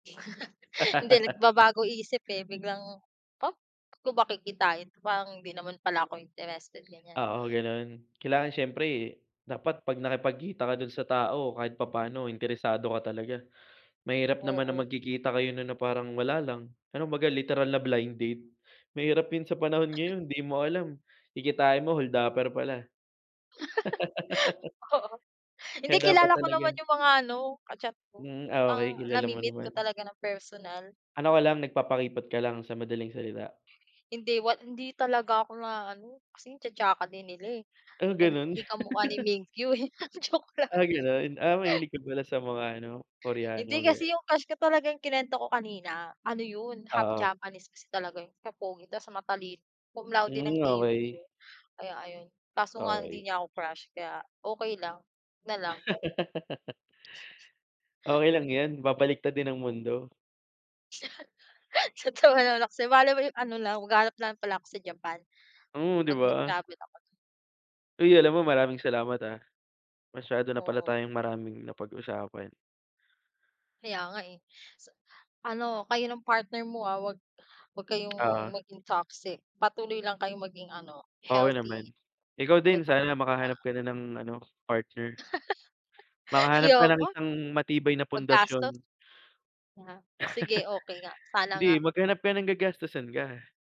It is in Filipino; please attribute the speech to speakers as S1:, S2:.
S1: Hindi nagbabago isip, eh, biglang, "Ha? Bakit ko ba kikitain parang hindi naman pala ako interested," ganyan.
S2: Oo, gano'n. Kailangan siyempre, dapat 'pag nakipagkita ka do'n sa tao kahit papaano interesado ka talaga. Mahirap naman ng
S1: Oo.
S2: magkikita kayo no'n na parang wala lang pero kumbaga literal na blind date, mahirap 'yun sa panahon ngayon 'di mo alam kikitain mo holdaper pala.
S1: Oo, hindi
S2: Kaya dapat
S1: kilala ko naman
S2: talaga
S1: yung mga ano ka-chat ko,
S2: Hmm, ah, okey
S1: ang
S2: kilala mo
S1: nami-meet ko
S2: naman.
S1: talaga ng personal.
S2: Ano ka lang nagpapakipot ka lang sa madaling salita.
S1: Hindi wa hindi talaga ako naa-ano kasi ang cha-chaka din nila, eh,
S2: Ah,
S1: kung
S2: gano'n?
S1: 'di kamukha ni Mingyu, eh. Ah, joke lang.
S2: Ah, gano'n? Ah, mahilig ka pala sa mga ano, Koreano
S1: Hindi kasi
S2: gano'n.
S1: 'yong crush ko talagang kinuwento ko kanina ano 'yon half
S2: Oo.
S1: Japanese kasi talaga 'yun, so pogi ta's matalino, cum laude ng
S2: Hmm,
S1: TUP
S2: okey.
S1: yun. Kaya ayun, kaso nga lang hindi
S2: Okey.
S1: niya ako crush. Kaya okey lang, na lang.
S2: Okey lang yan, babaliktad din ang mundo.
S1: Natawa naman ako sayo malay mo ano lang maghahanap lang pala ako sa Japan,
S2: Oh, 'di
S1: 'pag
S2: ba?
S1: nag-travel ako do'n.
S2: Uy, alam mo maraming salamat, ah. Masyado na pala
S1: Oo.
S2: tayong maraming napag-usapan.
S1: Kaya nga, eh. Sa ano kayo ng partner mo, ah, 'wag, wag kayong
S2: Oo.
S1: maging toxic, patuloy lang kayong maging ano,
S2: Oo naman,
S1: healthy.
S2: ikaw din sana makahanap
S1: [unintelligible] Oo.
S2: ka na ng ano partner. Makahanap ka ng
S1: Ayoko.
S2: isang matibay na
S1: Magastos.
S2: pundasyon.
S1: Yeah, o sige okey nga, sana
S2: Hindi,
S1: nga.
S2: maghanap ka ng gagastusan ka.